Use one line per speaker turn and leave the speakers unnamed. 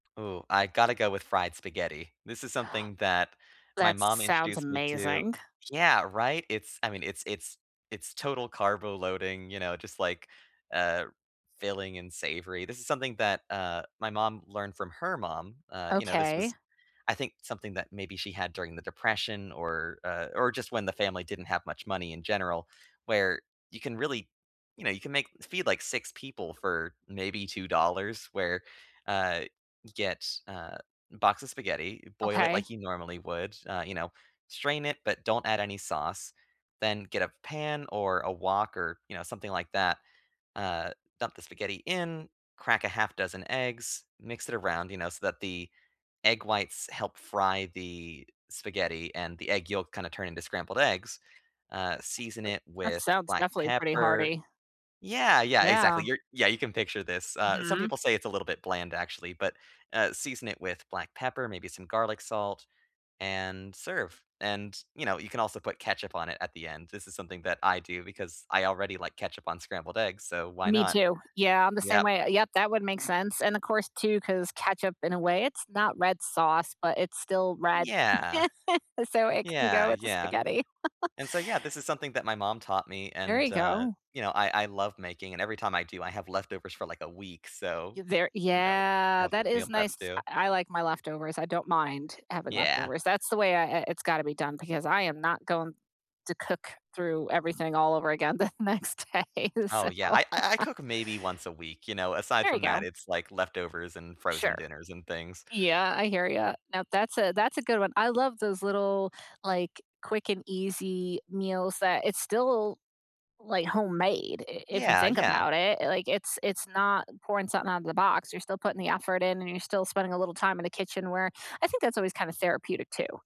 Ooh, I gotta go with fried spaghetti. This is something that my
That
mom
sounds
introduced me to.
amazing.
Yeah. Right? It's I mean, it's it's it's total carbo loading, you know, just like, uh, filling and savory. This is something that, uh, my mom learned from her mom, uh, you know, this
Okay.
was, I think, something that maybe she had during the depression or, uh, or just when the family didn't have much money in general, where you can really, you know, you can make feed, like, 6 people for maybe $2, where, uh, get, uh, box of spaghetti, boil it
Okay.
like you normally would, uh, you know, strain it, but don't add any sauce, then get a pan or a wok or, you know, something like that, uh, dump the spaghetti in, crack a half dozen eggs, mix it around, you know, so that the egg whites help fry the spaghetti and the egg yolk kinda turn into scrambled eggs. Uh,
R
season it
that
with
sounds
black
definitely pretty
pepper.
hearty.
Yeah. Yeah.
Yeah.
Exactly. You're yeah. You can picture this. Uh, some
Mhm.
people say it's a little bit bland, actually, but, uh, season it with black pepper, maybe some garlic salt, and serve. And, you know, you can also put ketchup on it at the end. This is something that I do because I already like ketchup on scrambled eggs, so why
Me,
not?
too. Yeah. I'm the same
Yep.
way. Yep. That would make sense. And of course, too, 'cause ketchup in a way, it's not red sauce but it's still red,
Yeah.
so it can
Yeah.
go with the
Yeah.
spaghetti.
And so, yeah, this is something that my mom taught me
There
and,
you
uh,
go.
you know, I I love making. And every time I do, I have leftovers for, like, a week. So,
Y there
you know,
yeah.
helps with
That
meal
is
prep,
nice.
too.
I l like my leftovers. I don't mind having
Yeah.
leftovers. That's the way I i it's gotta be done because I am not going to cook through everything all over again the next day,
Oh,
so
yeah. I I I cook maybe once a week. You know? Aside
There you
from that,
go.
it's, like, leftovers and frozen
Sure.
dinners and things.
Yeah. I hear you. Now that's a that's a good one. I love those little, like, quick and easy meals that it's still like homemade i if you
Yeah.
think
Yeah.
about it. Like it's it's not pouring something out of the box. You're still putting the effort in and you're still spending a little time in the kitchen where I think that's always kind of therapeutic, too.